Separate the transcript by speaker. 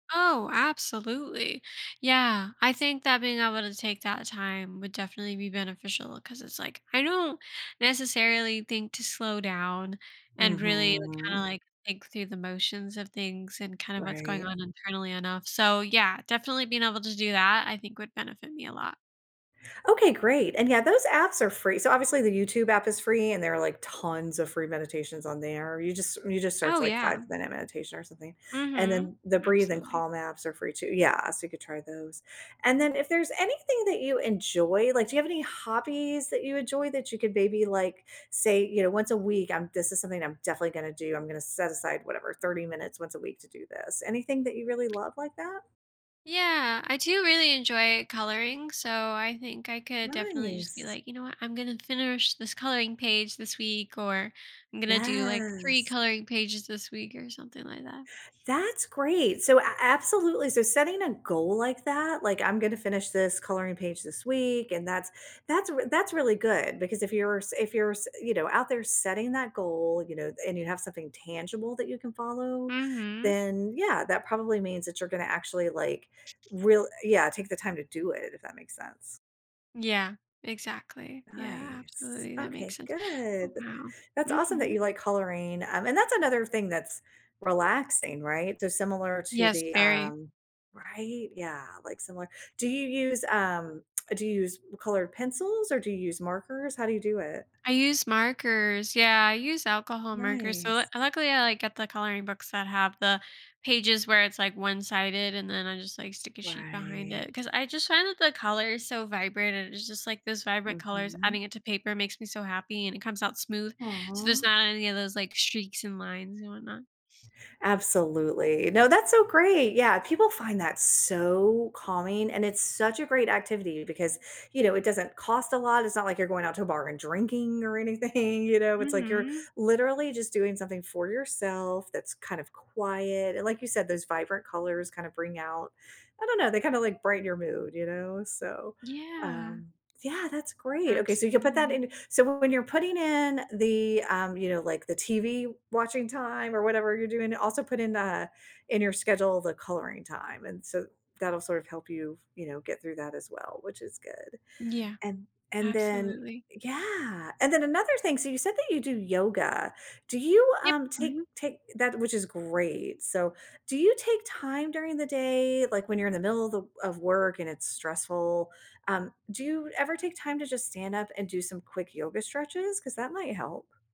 Speaker 1: Oh, absolutely! Yeah, I
Speaker 2: S
Speaker 1: think that being able to take that time would definitely be beneficial, 'cause it's like, I don't necessarily think to slow down and really, kinda,
Speaker 2: Mhm.
Speaker 1: like, think through the motions of things, and kind of what's going
Speaker 2: Right.
Speaker 1: on internally enough, so yeah, definitely being able to do that, I think, would benefit me a lot.
Speaker 2: Okay, great, and, yeah, those apps are free so obviously, the YouTube app is free, and there are, like, tons of free meditations on there, you just you just search,
Speaker 1: Oh,
Speaker 2: like,
Speaker 1: yeah.
Speaker 2: "five-minute meditation," or something? And
Speaker 1: Mhm,
Speaker 2: then, the Breathe and
Speaker 1: absolutely.
Speaker 2: Calm apps are free, too yeah, so you could try those, and then if there's anything that you enjoy, like, do you have any hobbies that you enjoy? That you could, maybe, like, say, you know, "Once a week, um, this is something I'm definitely gonna do, I'm gonna set aside," whatever "30 minutes once a week to do this." Anything that you really love like that?
Speaker 1: Yeah, I do really enjoy coloring, so I think I could, definitely just be
Speaker 2: Nice.
Speaker 1: like, "You know what? I'm gonna finish this coloring page this week," or "I'm gonna do," like, "3
Speaker 2: Yes.
Speaker 1: coloring pages this week," or something like that.
Speaker 2: That's great! So a absolutely, so setting a goal like that, like, "I'm gonna finish this coloring page this week," and that's that's r that's really good because if you're s if you're s you know, out there setting that goal, you know? And, you have something tangible that you can follow,
Speaker 1: Mhm.
Speaker 2: then yeah, that probably means that you're gonna actually, like, real yeah, take the time to do it, if that makes sense?
Speaker 1: Yeah, exactly yeah,
Speaker 2: Nice,
Speaker 1: absolutely, that
Speaker 2: okay,
Speaker 1: makes sense
Speaker 2: good,
Speaker 1: oh,
Speaker 2: th
Speaker 1: wow.
Speaker 2: that's awesome that you
Speaker 1: Mhm.
Speaker 2: like coloring, um, and that's another thing that's relaxing, right? So, similar to
Speaker 1: Yes,
Speaker 2: the,
Speaker 1: very.
Speaker 2: um right? Yeah, like, similar do you use, um do you use colored pencils? Or, do you use markers? How do you do it?
Speaker 1: I use markers yeah, I use alcohol markers, so lu
Speaker 2: Nice.
Speaker 1: luckily, I, like, get the coloring books that have the pages where it's, like, one-sided, and then I just, like, stick a sheet behind it,
Speaker 2: Right.
Speaker 1: 'cause I just find that the color is so vibrant, and it's just, like, those vibrant colors
Speaker 2: Mhm.
Speaker 1: adding it to paper makes me so happy, and it comes out smooth, so there's
Speaker 2: Aw.
Speaker 1: not any of those, like, streaks, and lines, and whatnot.
Speaker 2: Absolutely no, that's so great, yeah, people find that so calming, and it's such a great activity because, you know, it doesn't cost a lot, it's not like you're going out to a bar, and drinking, or anything, you know? It's like you're,
Speaker 1: Mhm.
Speaker 2: literally, just doing something for yourself that's kind of quiet, and, like you said those vibrant colors kind of bring out I don't know? They kinda, like, brighten your mood, you know? So,
Speaker 1: Yeah.
Speaker 2: um, yeah, that's great okay, so you’ll put that
Speaker 1: Absolutely.
Speaker 2: in so when you’re putting in, the, um you know, like the TV-watching time, or whatever you’re doing? Also, put in, uh, in your schedule the coloring time, and so, that’ll sort of help you, you know, get through that as well, which is good.
Speaker 1: Yeah,
Speaker 2: And and then
Speaker 1: absolutely.
Speaker 2: yeah! And then, another thing so you said that you do yoga? Do you,
Speaker 1: Yep,
Speaker 2: um, take
Speaker 1: mhm.
Speaker 2: take that which is great, so do you take time during the day, like, when you’re in the middle of the of work and it’s stressful, um, do you ever take time to just stand up and do some quick yoga stretches? 'Cause that might help.